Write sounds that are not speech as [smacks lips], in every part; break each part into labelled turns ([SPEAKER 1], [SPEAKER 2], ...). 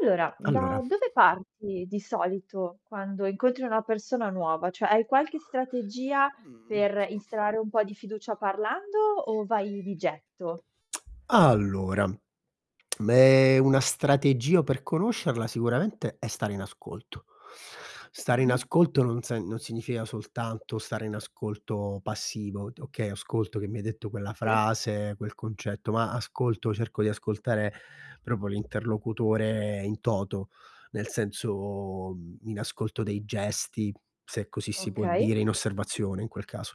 [SPEAKER 1] Allora, da
[SPEAKER 2] Allora
[SPEAKER 1] dove parti di solito quando incontri una persona nuova? Cioè hai qualche strategia
[SPEAKER 2] Mhmm.
[SPEAKER 1] per instaurare un po' di fiducia parlando, o vai di
[SPEAKER 2] [smacks lips]
[SPEAKER 1] getto?
[SPEAKER 2] Allora, meh, una strategia per conoscerla, sicuramente, è stare in ascolto. Stare in
[SPEAKER 1] Mh-mh.
[SPEAKER 2] ascolto non sen non significa soltanto stare in ascolto passivo, do okay, ascolto che mi hai detto quella
[SPEAKER 1] Sì.
[SPEAKER 2] frase, quel concetto, ma ascolto cerco di ascoltare proprio l'interlocutore in toto, nel senso, mhmm, in ascolto dei gesti, se così si può
[SPEAKER 1] Okay.
[SPEAKER 2] dire, in osservazione in quel caso,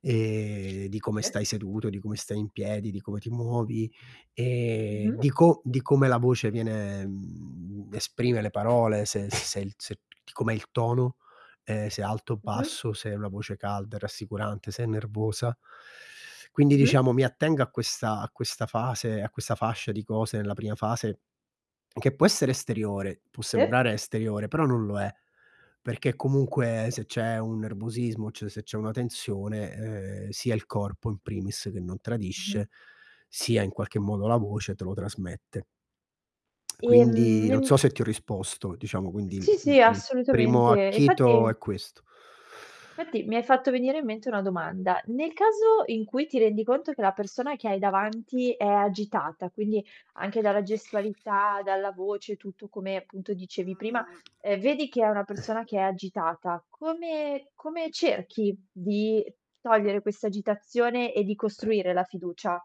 [SPEAKER 2] ehm, di come
[SPEAKER 1] Sì.
[SPEAKER 2] stai seduto, di come stai in piedi, di come ti muovi, e
[SPEAKER 1] Mh-mh.
[SPEAKER 2] di co di come la voce viene mhmm, esprime le parole, se s se se di com'è il tono, ehm, se è alto o
[SPEAKER 1] Mh-mh.
[SPEAKER 2] basso, se è una voce calda e rassicurante, se è nervosa. Quindi
[SPEAKER 1] Mh-mh.
[SPEAKER 2] diciamo mi attengo a questa a questa fase, a questa fascia di cose nella prima fase, che può essere esteriore, può
[SPEAKER 1] Sì.
[SPEAKER 2] sembrare esteriore, però non lo è, perché comunque se c'è un nervosismo, c se c'è una tensione, ehm, sia il corpo, in primis, che non
[SPEAKER 1] Mh-mh.
[SPEAKER 2] tradisce, sia in qualche modo la voce te lo trasmette. [smacks lips]
[SPEAKER 1] Ehm,
[SPEAKER 2] Quindi non
[SPEAKER 1] n
[SPEAKER 2] so se ti ho risposto, diciamo quindi il
[SPEAKER 1] Sì,
[SPEAKER 2] il
[SPEAKER 1] sì,
[SPEAKER 2] il primo
[SPEAKER 1] assolutamente, e
[SPEAKER 2] acchito
[SPEAKER 1] infatti
[SPEAKER 2] è questo.
[SPEAKER 1] fatti mi hai fatto venire in mente una domanda. Nel caso in cui ti rendi conto che la persona che hai davanti è agitata, quindi anche dalla gestualità, dalla voce, tutto come appunto dicevi prima, uhm, vedi che è una persona che è agitata. Come come cerchi di togliere questa agitazione e di costruire la fiducia?